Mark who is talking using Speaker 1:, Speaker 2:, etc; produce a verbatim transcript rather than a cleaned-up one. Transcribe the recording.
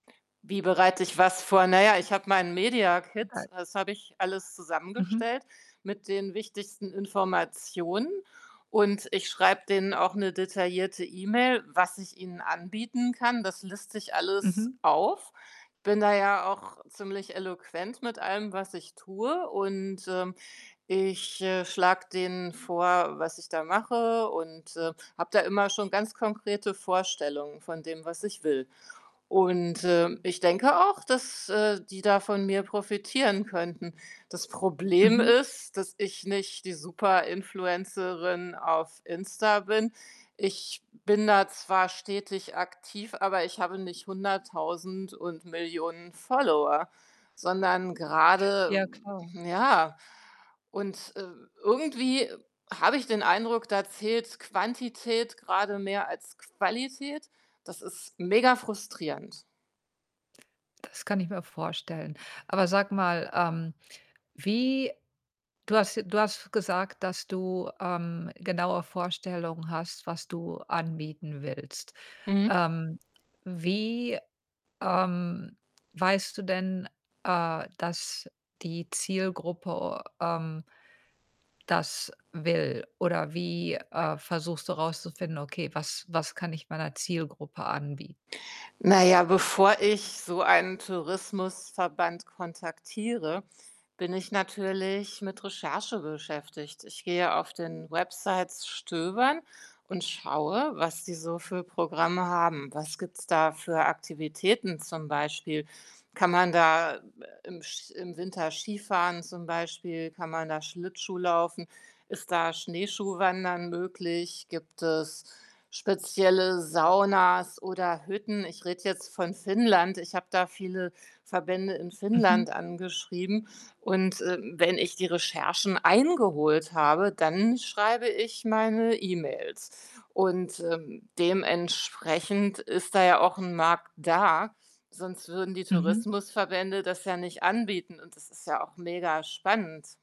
Speaker 1: Wie bereite ich was vor? Na ja, ich habe meinen Mediakit,
Speaker 2: [unintelligible]
Speaker 1: das habe ich alles
Speaker 2: Mhm.
Speaker 1: zusammengestellt mit den wichtigsten Informationen und ich schreibe denen auch 'ne detaillierte E-Mail, was ich ihnen anbieten kann. Das liste ich alles
Speaker 2: Mhm.
Speaker 1: auf, bin da ja auch ziemlich eloquent mit allem, was ich tue und, ähm, ich, äh, schlage denen vor, was ich da mache und, ähm, habe da immer schon ganz konkrete Vorstellungen von dem, was ich will und, ähm, ich denke auch, dass, äh, die da von mir profitieren könnten. Das Problem
Speaker 2: Mhm.
Speaker 1: ist, dass ich nicht die Super-Influencerin auf Insta bin. Ich bin da zwar stetig aktiv, aber ich habe nicht hunderttausend und Millionen Follower, sondern grade
Speaker 2: Ja, klar.
Speaker 1: ja. Und, äh, irgendwie habe ich den Eindruck, da zählt Quantität grade mehr als Qualität. Das ist megafrustrierend.
Speaker 2: Das kann ich mir vorstellen. Aber sag mal, ähm, wie du hast j du hast gesagt, dass du, ähm, genaue Vorstellungen hast, was du anbieten willst.
Speaker 1: Mhm.
Speaker 2: Ähm, wie ähm, weißt du denn, äh, dass die Zielgruppe, ähm das will? Oder wie, äh, versuchst du rauszufinden: „Okay, was was kann ich meiner Zielgruppe anbie“
Speaker 1: Na ja, bevor ich so einen Tourismusverband kontaktiere, bin ich natürlich mit Recherche beschäftigt. Ich gehe auf den Websites stöbern und schaue, was die so für Programme haben. Was gibt's da für Aktivitäten zum Beispiel? Kann man da, äh, im sch im Winter Skifahren zum Beispiel? Kann man da Schlittschuh laufen? Ist da Schneeschuhwandern möglich? Gibt es spezielle Saunas oder Hütten? Ich rede jetzt von Finnland. Ich habe da viele Verbände in Finnland
Speaker 2: Mhm.
Speaker 1: angeschrieben. Und, äh, wenn ich die Recherchen eingeholt habe, dann schreibe ich meine E-Mails. Und, ähm, dementsprechend ist da ja auch 'n Markt da, sonst würden die
Speaker 2: Mhm.
Speaker 1: Tourismusverbände das ja nicht anbieten und das ist ja auch megaspannend.